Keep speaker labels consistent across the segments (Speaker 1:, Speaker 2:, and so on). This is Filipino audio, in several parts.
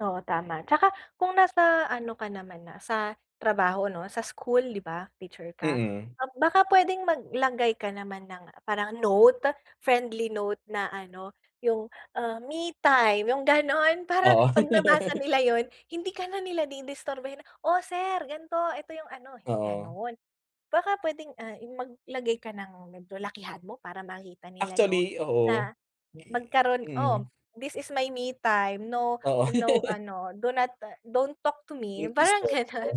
Speaker 1: Oo, tama. Tsaka kung nasa ano ka naman na sa trabaho, 'no, sa school, di ba? Teacher ka?
Speaker 2: Mm.
Speaker 1: Um, baka pwedeng maglagay ka naman ng parang note, friendly note na ano yung, ah, me time, yung gano'n. Para
Speaker 2: Oo.
Speaker 1: 'pag nabasa nila yun hindi ka na nila di-disturbohin, "Oh, sir, ganito. Eto yung ano,"
Speaker 2: Oo.
Speaker 1: gano'n. Baka pwedeng, ah, maglagay ka ng medyo lakihan mo para makita nila, 'no,
Speaker 2: Actually, oo.
Speaker 1: na magkaroon, "Oh,
Speaker 2: Mm.
Speaker 1: this is my me time, no
Speaker 2: Oo.
Speaker 1: no ano, do not don't talk to
Speaker 2: Do
Speaker 1: me,"
Speaker 2: not
Speaker 1: parang
Speaker 2: disturb
Speaker 1: ganun.
Speaker 2: oh.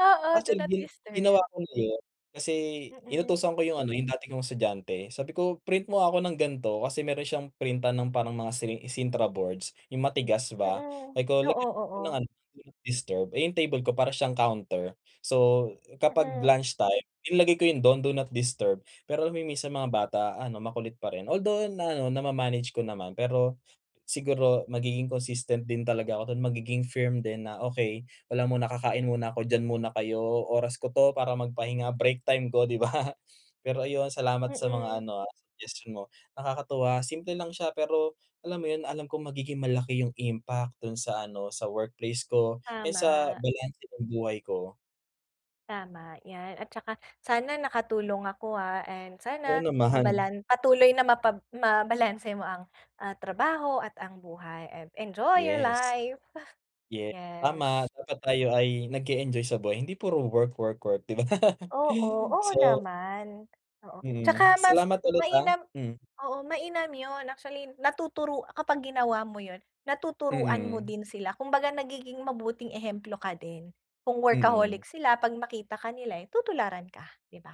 Speaker 1: Oo, do
Speaker 2: Actually,
Speaker 1: not
Speaker 2: gi ginawa
Speaker 1: disturb.
Speaker 2: ko na yun kasi
Speaker 1: Mm.
Speaker 2: inutusan ko yung ano, yung dati kong estudyante, sabi ko, "Print mo ako ng ganito," kasi meron siyang printan ng parang mga siling sintra boards, yung matigas ba
Speaker 1: Mm,
Speaker 2: sabi ko,
Speaker 1: oo,
Speaker 2: "Lagyan mo nga ng
Speaker 1: oo.
Speaker 2: ano do not disturb," eh yung table ko para siyang counter. So, kapag
Speaker 1: Mm.
Speaker 2: lunch time inilagay ko yung do'n do not disturb pero alam mo minsan mga bata ano, makulit pa rin although ano, nama-manage ko naman. Pero siguro magiging consistent din talaga ako dun, magiging firm din na, "Okey, wala muna. Kakain muna ako. Diyan muna kayo. Oras ko 'to para magpahinga, break time ko," di ba? Pero, ayun, salamat sa mga
Speaker 1: Mm.
Speaker 2: ano, ah, suggestion mo. Nakakatuwa simple lang siya pero, alam mo yun, alam ko magiging malaki yung impact dun sa ano, sa workplace ko and sa
Speaker 1: Tama.
Speaker 2: balanse ng buhay ko.
Speaker 1: Tama yan at tsaka sana nakatulong ako, ah, and
Speaker 2: Oo
Speaker 1: sana
Speaker 2: naman.
Speaker 1: mabalan patuloy na mapab mabalanse mo ang, ah, trabaho at ang buhay and enjoy your
Speaker 2: Yes.
Speaker 1: life.
Speaker 2: Ye tama,
Speaker 1: Yes.
Speaker 2: dapat tayo ay nag-e-enjoy sa buhay hindi puro work-work-work, di ba?
Speaker 1: Oo, oo
Speaker 2: So
Speaker 1: naman. Oo,
Speaker 2: Mm,
Speaker 1: tsaka mas
Speaker 2: salamat ulit, ah,
Speaker 1: mainam
Speaker 2: mm.
Speaker 1: oo, mainam yun. Actually, natuturu kapag ginawa mo yun, natuturuan mo
Speaker 2: Mm.
Speaker 1: din sila, kumbaga nagiging mabuting ehemplo ka din. Kung
Speaker 2: Mm.
Speaker 1: workaholic sila 'pag makita ka nila eh, tutularan ka, di ba?